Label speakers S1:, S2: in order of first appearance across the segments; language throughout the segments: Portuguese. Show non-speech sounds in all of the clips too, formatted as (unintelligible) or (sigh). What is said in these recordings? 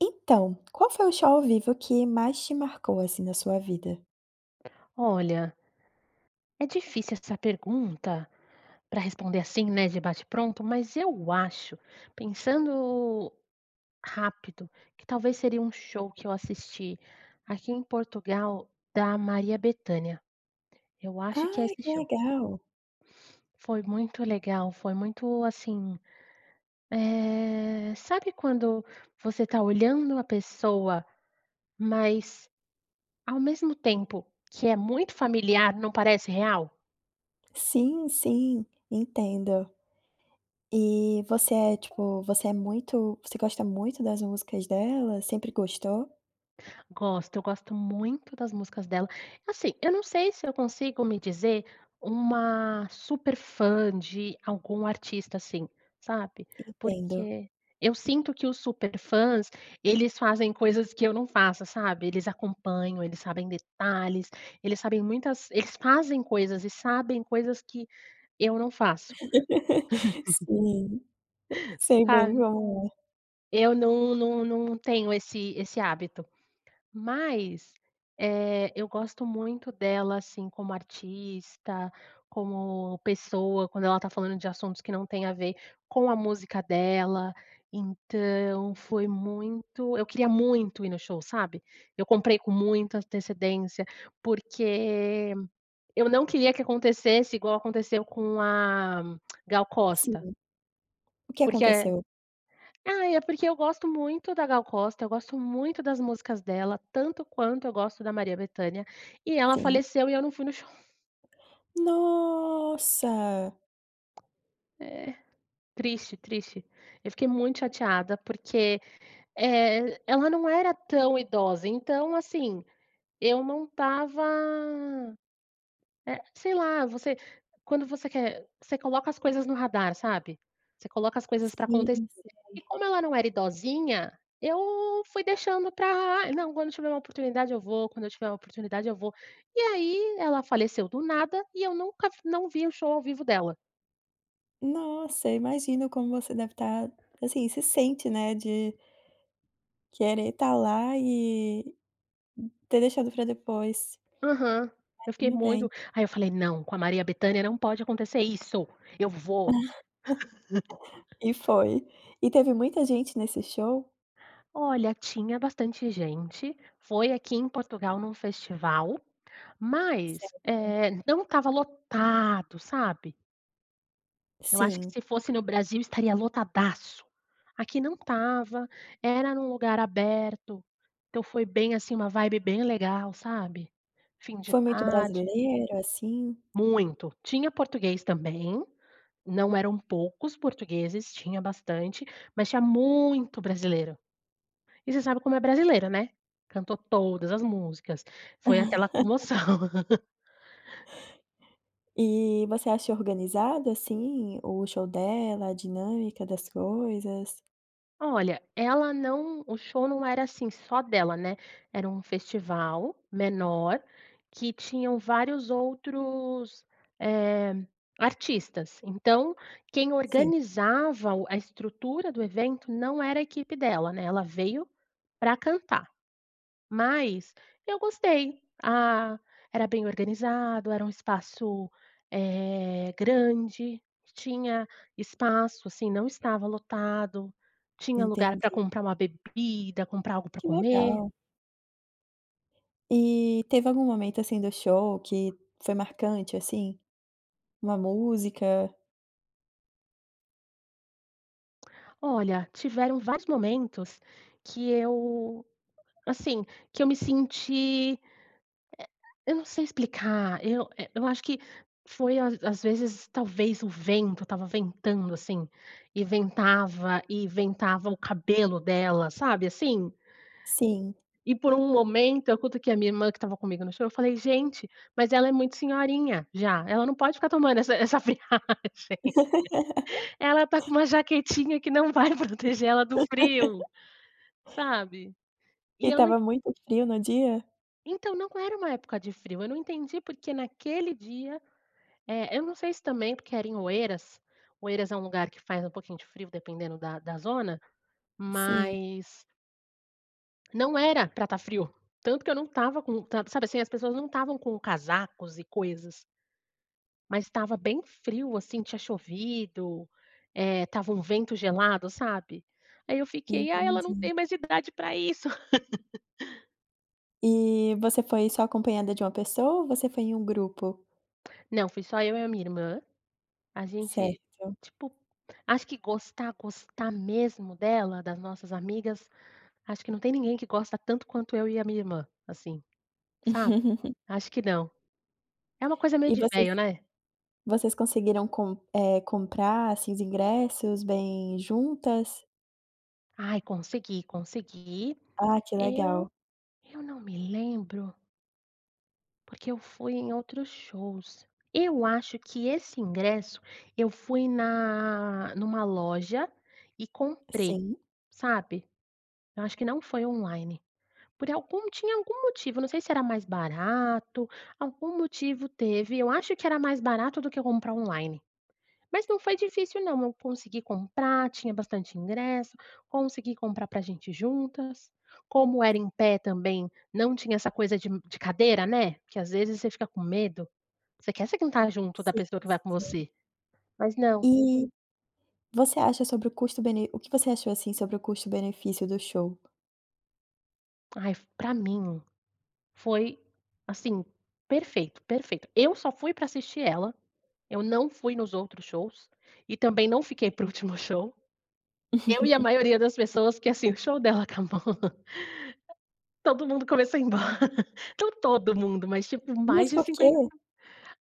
S1: Então, qual foi o show ao vivo que mais te marcou, assim, na sua vida?
S2: Olha, é difícil essa pergunta, pra responder assim, né, de bate pronto, mas eu acho, pensando rápido, que talvez seria um show que eu assisti, aqui em Portugal, da Maria Bethânia, eu acho que é
S1: Ai,
S2: esse
S1: que
S2: show.
S1: legal!
S2: Foi muito legal, foi muito assim, eh, sabe quando você está olhando a pessoa, mas ao mesmo tempo que é muito familiar não parece real?
S1: Sim sim entendo. Eh, você é, tipo, você é muito você gosta muito das músicas dela? Sempre gostou?
S2: Gosto, eu gosto muito das músicas dela assim, eu não sei se eu consigo me dizer uma super fã de algum artista assim, sabe?
S1: Entendo.
S2: Porque, eu sinto que os super fãs, eles fazem coisas que eu não faço, sabe? Eles acompanham, eles sabem detalhes, eles sabem muitas eles fazem coisas e sabem coisas que eu não faço.
S1: (laughs)
S2: (chuckles)
S1: Sim,
S2: (chuckles)
S1: sei bem
S2: Sabe?
S1: como é.
S2: Eu não não não tenho esse esse hábito, mas, eh, eu gosto muito dela, assim, como artista, como pessoa, quando ela está falando de assuntos que não têm a ver com a música dela, então foi muito eu queria muito ir no show, sabe? Eu comprei com muita antecedência porque eu não queria que acontecesse igual aconteceu com a (clicks tongue) Gal
S1: Sim,
S2: Costa.
S1: o que
S2: Porque é
S1: aconteceu?
S2: ai, é porque eu gosto muito da Gal Costa, eu gosto muito das músicas dela, tanto quanto eu gosto da Maria Bethânia e ela
S1: Sim.
S2: faleceu e eu não fui no show.
S1: Nossa!
S2: É é triste, triste. Eu fiquei muito chateada porque, eh, ela não era tão idosa. Então, assim eu não estava, eh, sei lá, você quando você quer, você coloca as coisas no radar, sabe? Você coloca as coisas pra
S1: Sim,
S2: acontecer e
S1: sei.
S2: como ela não era idosinha, eu fui deixando para: "Não, quando eu tiver uma oportunidade eu vou, quando eu tiver oportunidade eu vou". E aí, ela faleceu do nada e eu nunca f não vi o show ao vivo dela.
S1: Nossa! Imagino como você deve tá, assim, se sente, né, de querer tá lá e ter deixado pra depois.
S2: Aham. Eu fiquei
S1: Imagino bem.
S2: muito Aí eu falei: "Não! Com a Maria Bethânia não pode acontecer isso, eu vou!".
S1: (giggles) E foi. E teve muita gente nesse show?
S2: Olha tinha bastante gente, foi aqui em Portugal num festival, mas,
S1: Certo.
S2: eh, não estava lotado, sabe? Eu acho que
S1: Sim.
S2: se fosse no Brasil estaria lotadasso! Aqui não estava, era num lugar aberto então, foi bem assim, uma vibe bem legal, sabe? Fim de
S1: Foi muito
S2: tarde.
S1: brasileiro, assim?
S2: Muito, tinha português também, não eram poucos portugueses, tinha bastante, mas tinha muito brasileiro e você sabe como é brasileiro, né? Cantou todas as músicas, foi aquela
S1: (laughs)
S2: comoção. (giggles)
S1: E você achou organizado, assim, o show dela? A dinâmica das coisas?
S2: Olha, ela não o show não era, assim, só dela né. Era um festival menor, que tinham vários outros, eh, artistas. Então, quem
S1: Sim.
S2: organizava o a estrutura do evento não era a equipe dela né. Ela veio pra cantar, mas eu gostei. Ah, era bem organizado. Era um espaço, eh, grande. Tinha espaço, assim, não estava lotado. Tinha lugar pra
S1: Entendi.
S2: comprar uma bebida, comprar algo pra
S1: Que
S2: comer.
S1: legal. E teve algum momento, assim, do show que foi marcante, assim, uma música?
S2: Olha, tiveram vários momentos, que eu, assim, que eu me senti, eh, eu não sei explicar, eu eh, eu acho que foi às às vezes talvez o vento tava ventando, assim, e ventava, e ventava o cabelo dela sabe, assim?
S1: Sim.
S2: E por um momento, eu cutuquei a minha irmã, que tava comigo no show, e eu falei: "Gente, mas ela é muito senhorinha já. Ela não pode ficar tomando essa essa friagem.
S1: (laughs)
S2: Ela tá com uma jaquetinha que não vai proteger ela do frio",
S1: (laughs)
S2: sabe? E
S1: E
S2: eu não e
S1: tava muito frio no dia?
S2: Entao, não era uma época de frio. Eu não entendi porque naquele dia, eh, eu não sei se também porque era em Oeiras. Oeiras é lugar que faz pouquinho de frio dependendo da da zona,
S1: Sim.
S2: mas Não era pra tá frio, tanto que eu não tava com tanto sabe, assim, as pessoas não tavam com casacos e coisas. Mas estava bem frio, assim, tinha chovido. Eh, estava um vento gelado, sabe? Aí eu fiquei: "Ah ela não
S1: Entendi.
S2: tem mais idade pra isso". (laughs)
S1: E você foi só acompanhada de uma pessoa ou você foi em um grupo?
S2: Não. Fui só eu e a minha irmã. A gente
S1: Certo.
S2: tipo, acho que gostar, gostar mesmo dela, das nossas amigas, acho que não tem ninguém que gosta tanto quanto eu e a minha irmã, assim, sabe?
S1: (laughs)
S2: Acho que não. É uma coisa meio
S1: E
S2: de
S1: vocês
S2: veio né?
S1: vocês conseguiram com, eh, comprar esses ingressos bem juntas?
S2: Ai, consegui, consegui.
S1: Ah, que legal.
S2: Eu eu não me lembro porque eu fui em outros shows. Eu acho que esse ingresso, eu fui na numa loja, e comprei,
S1: Sim.
S2: sabe? Eu acho que não foi online. Por algum tinha algum motivo. Eu não sei se era mais barato, algum motivo teve. Eu acho que era mais barato do que comprar online. Mas não foi difícil não, eu consegui comprar. Tinha bastante ingresso. Consegui comprar pra gente ir juntas. Como era em pé também, não tinha essa coisa de um de cadeira, né? Que às vezes você fica com medo. Você quer se contar junto da
S1: Sim,
S2: pessoa que vai
S1: s
S2: com
S1: sim.
S2: você? Mas não.
S1: E você acha sobre o custo bene o que você achou, assim, sobre o custo benefício do show?
S2: Ai, pra mim foi, assim, perfeito perfeito. Eu só fui para assistir ela, eu não fui nos outros shows, e também não fiquei para o último show. Eu e a
S1: (laughs)
S2: maioria das pessoas, porque, assim, o show dela acabou, todo mundo começou a ir embora. Não todo mundo, mas, tipo, mais
S1: Mas
S2: de
S1: por quê?
S2: cinquenta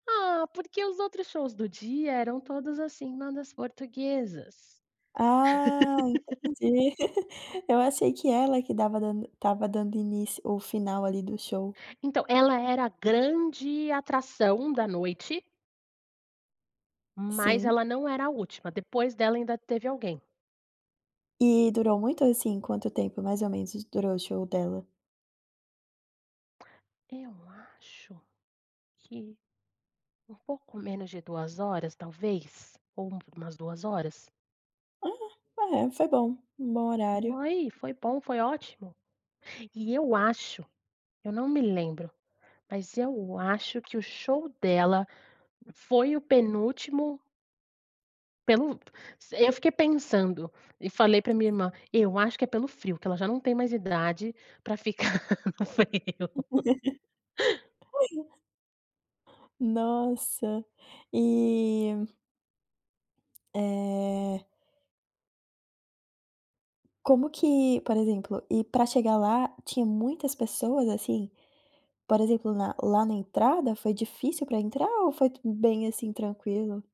S2: ah, porque os outros shows do dia eram todos, assim, bandas portuguesas.
S1: Ah,
S2: (laughs)
S1: entendi. (laughs) Eu achei que ela que dava dando tava dando início o final, ali, do show.
S2: Então ela era a grande atração da noite mas
S1: Sim.
S2: ela não era a última. Depois dela ainda teve alguém.
S1: E durou muito? Assim, quanto tempo, mais ou menos, durou o show dela?
S2: Eu acho que, por pouco menos de 2 horas, talvez? Ou um umas 2 horas?
S1: Aham. Eh, foi bom. Um bom horário.
S2: Foi. Foi bom. Foi ótimo! E eu acho eu não me lembro, mas eu acho que o show dela foi o penúltimo Pelo se eu fiquei pensando e falei pra minha irmã: "Eu acho que é pelo frio, que ela já não tem mais idade pra ficar no frio.
S1: (laughs) (unintelligible) Nossa e Eh Como que por exemplo e para chegar lá tinha muitas pessoas, assim? Por exemplo, na lá na entrada, foi difícil para entrar ou foi tu bem assim tranquilo?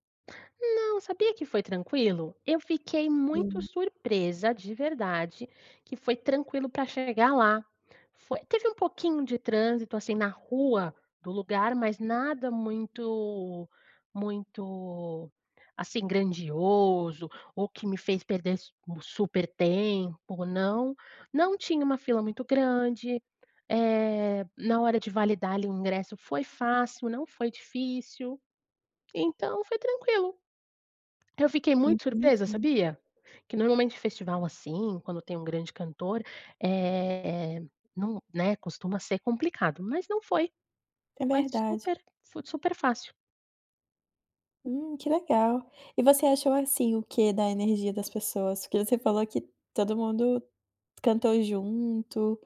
S2: Não, sabia que foi tranquilo? Eu fiquei muito
S1: Hum.
S2: surpresa, de verdade, que foi tranquilo para chegar lá. Foi teve um pouquinho de trânsito, assim, na rua do lugar, mas nada muito muito, assim, grandioso, ou que me fez perder s um super tempo, não. Não tinha uma fila muito grande. Eh, na hora de validar ali o ingresso foi fácil, não foi difícil. Então, foi tranquilo. Eu fiquei muito surpresa,
S1: Entendi.
S2: sabia? Que normalmente festival assim, quando tem um grande cantor, eh, não né, costuma ser complicado. Mas não foi.
S1: É
S2: Foi
S1: verdade.
S2: super foi super fácil.
S1: Hum, que legal! E você achou assim, o quê da energia das pessoas? Porque você falou que todo mundo cantou junto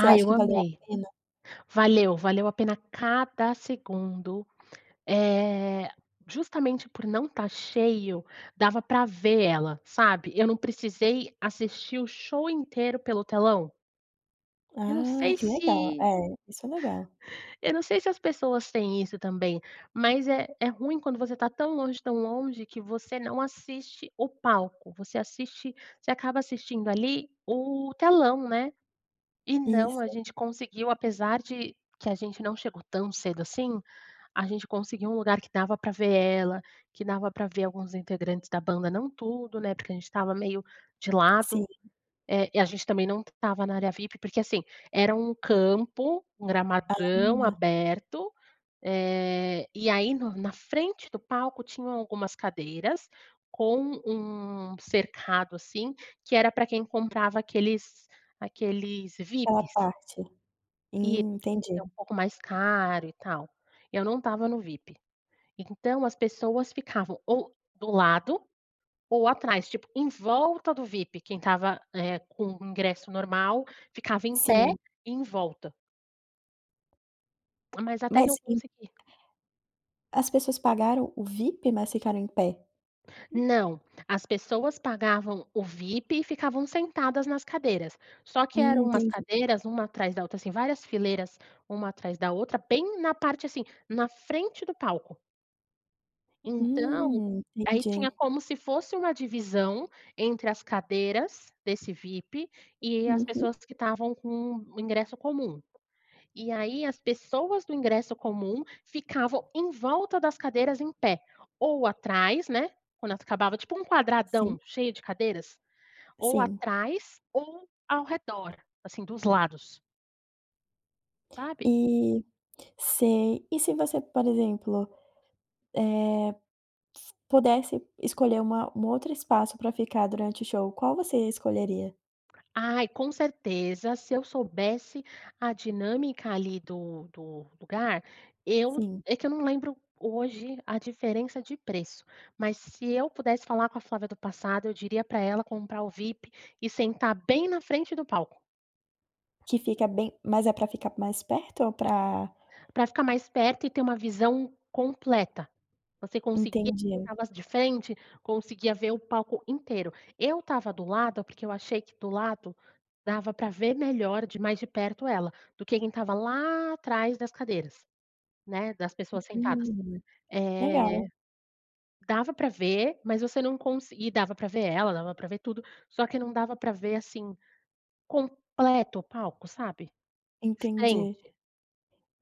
S1: Você acha
S2: eu
S1: que valeu a
S2: amei!
S1: pena?
S2: Valeu, valeu a pena cada segundo, eh, justamente por não estar cheio, dava para ver ela, sabe? Eu não precisei assistir o show inteiro pelo telão. Eu não
S1: Ah,
S2: sei
S1: que legal. É,
S2: se
S1: isso é legal.
S2: Eu não sei se as pessoas têm isso também, mas é é ruim quando você tá tão longe, tão longe que você não assiste o palco, você assiste você acaba assistindo ali o telão, né? E não, a
S1: Isso.
S2: gente conseguiu, apesar de que a gente não chegou tão cedo assim, a gente conseguiu um lugar que dava pra ver ela, que dava pra ver alguns integrantes da banda, não tudo, né? Porque a gente estava meio de
S1: Sim.
S2: lado, eh, e a gente também não estava na área VIP porque assim, era um campo, um gramadão
S1: Ah.
S2: aberto, eh, e aí no na frente do palco tinham algumas cadeiras com um cercado assim, que era para quem comprava aqueles aqueles
S1: Aquela
S2: VIPs.
S1: parte.
S2: Eh,
S1: Hum,
S2: que
S1: entendi.
S2: é um pouco mais caro e tal. Eu não estava no VIP. Então as pessoas ficavam ou do lado, ou atrás, tipo, em volta do VIP, quem estava, eh, com o ingresso normal ficava em pé,
S1: Sim.
S2: em volta. Mas até que
S1: Mas
S2: eu
S1: em
S2: consegui
S1: As pessoas pagaram o VIP, mas ficaram em pé.
S2: Não, as pessoas pagavam o VIP e ficavam sentadas nas cadeiras. Só que
S1: Hum,
S2: eram umas
S1: entendi.
S2: cadeiras uma atrás da outra, assim, várias fileiras uma atrás da outra bem na parte, assim, na frente do palco. Então,
S1: Hum,
S2: aí, tinha
S1: entendi.
S2: como se fosse uma divisão entre as cadeiras desse VIP e as
S1: Uhum.
S2: pessoas que estavam com o ingresso comum. E aí, as pessoas do ingresso comum ficavam em volta das cadeiras em pé, ou atrás, né, quando elas acabava. Tipo um
S1: Sim.
S2: quadradão cheio de cadeiras, ou
S1: Sim.
S2: atrás, ou ao redor, assim, dos lados. Sabe?
S1: E sei. E se você, por exemplo, eh, s pudesse escolher uma um outro espaço para ficar, durante o show, qual você escolheria?
S2: Ai, com certeza, se eu soubesse a dinâmica ali do do lugar, eu
S1: Sim.
S2: é que eu não lembro, hoje, a diferença de preço, mas se eu pudesse falar com a Flávia do passado, eu diria pra ela comprar o vip e sentar bem na frente do palco.
S1: Que fica bem mas é pra ficar mais perto ou pra
S2: Pra ficar mais perto e ter uma visão completa. Você conseguia ver o
S1: Entendi.
S2: negócio de frente, conseguia ver o palco inteiro. Eu estava do lado, porque eu achei que do lado dava pra ver melhor de mais de perto ela, do que quem estava lá atrás das cadeiras, né, das pessoas sentadas.
S1: Hum,
S2: Eh,
S1: legal.
S2: dava pra ver, mas você não consi e dava pra ver ela, dava pra ver tudo, só que não dava pra ver, assim, completo o palco, sabe?
S1: Entendi.
S2: Frente.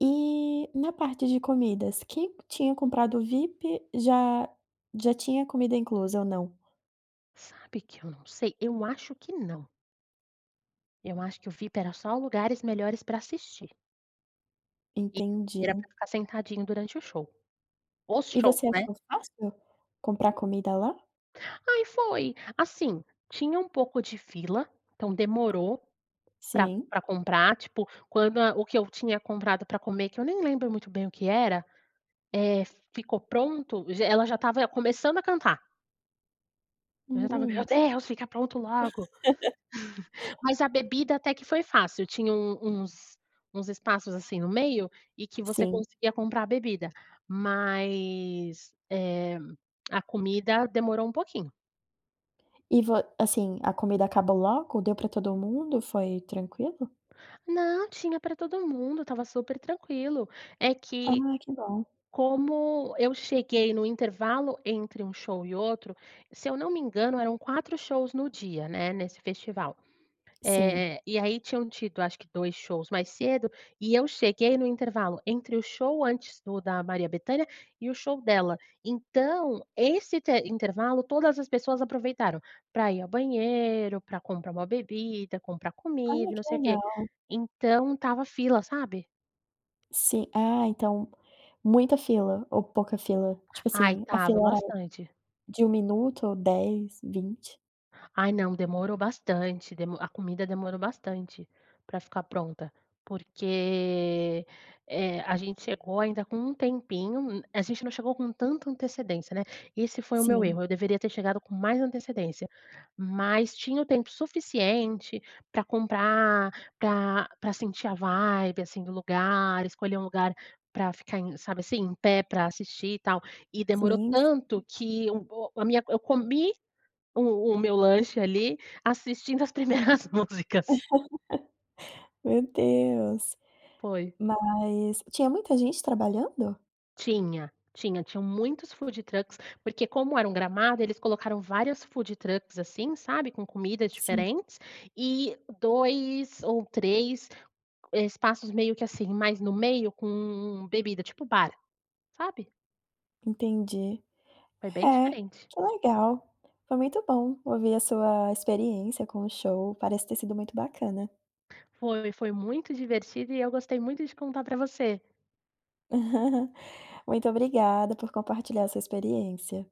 S1: E na parte de comidas? Quem tinha comprado o vip já já tinha comida inclusa, ou não?
S2: Sabe que eu não sei. Eu acho que não. Eu acho que o VIP era só lugares melhores pra assistir. E,
S1: Entendi.
S2: era pra ficar sentadinho durante o show. Os
S1: E
S2: shows,
S1: você
S2: né?
S1: achou fácil comprar comida lá?
S2: Aí foi. Assim, tinha um pouco de fila, então demorou pra
S1: Sim.
S2: pra comprar, tipo, quando a o que eu tinha comprado pra comer, que eu nem lembro muito bem o que era, eh, ficou pronto, já ela já estava começando a cantar eu já estava: "Meu
S1: Hum.
S2: Deus, fica pronto logo!"
S1: (laughs)
S2: (chuckles) Mas a bebida até que foi fácil, tinha um uns uns espaços assim no meio, e que você
S1: Sim.
S2: conseguia comprar a bebida. Mas, eh, a comida demorou pouquinho.
S1: E vo assim, a comida acabou logo? Deu pra todo mundo? Foi tranquilo?
S2: Não, tinha pra todo mundo, estava super tranquilo! É
S1: Ah,
S2: que,
S1: que bom!
S2: como eu cheguei no intervalo entre um show e outro se eu não me engano eram 4 shows no dia, né, nesse festival.
S1: Sim.
S2: Eh, e aí tinham tido acho que 2 shows mais cedo, e eu cheguei no intervalo entre o show antes do da Maria Bethânia, e o show dela. Então, esse te intervalo todas as pessoas aproveitaram pra ir ao banheiro, pra comprar uma bebida, comprar
S1: Olha,
S2: comida e não
S1: que
S2: sei o quê.
S1: legal!
S2: Então estava fila, sabe?
S1: Sim Ah, então, muita fila ou pouca fila? Tipo
S2: Ai,
S1: assim, a
S2: estava
S1: fila era
S2: bastante!
S1: de 1 minuto ou 10, 20?
S2: Ai, não, demorou bastante, demo a comida demorou bastante pra ficar pronta. Porque, eh, a gente chegou ainda com um tempinho, um a gente não chegou com tanta antecedência, né? E esse foi o meu
S1: Sim.
S2: erro, eu deveria ter chegado com mais antecedência. Mas, tinha o tempo suficiente, pra comprar, pra pra sentir a vibe, assim, do lugar, escolher um lugar pra ficar em sabe assim? Em pé pra assistir e tal. E demorou
S1: Sim,
S2: tanto
S1: sim.
S2: que um o a minha eu comi o o meu lanche ali assistindo as primeiras músicas.
S1: (laughs) Meu Deus!
S2: Foi.
S1: Mas, tinha muita gente trabalhando?
S2: Tinha tinha tinham muitos foodtrucks, porque como era um gramado eles colocaram várias foodtrucks assim, sabe? Com comidas
S1: Sim.
S2: diferentes, e 2 ou 3, espaços meio que assim, mais no meio com bebida, tipo bar, sabe?
S1: Entendi.
S2: Foi bem
S1: É,
S2: diferente.
S1: que legal! Foi muito bom ouvir a sua experiência com o show. Parece ter sido muito bacana.
S2: Foi, foi muito divertido e eu gostei muito de contar para você!
S1: (chuckles) Muito obrigada por compartilhar sua experiência.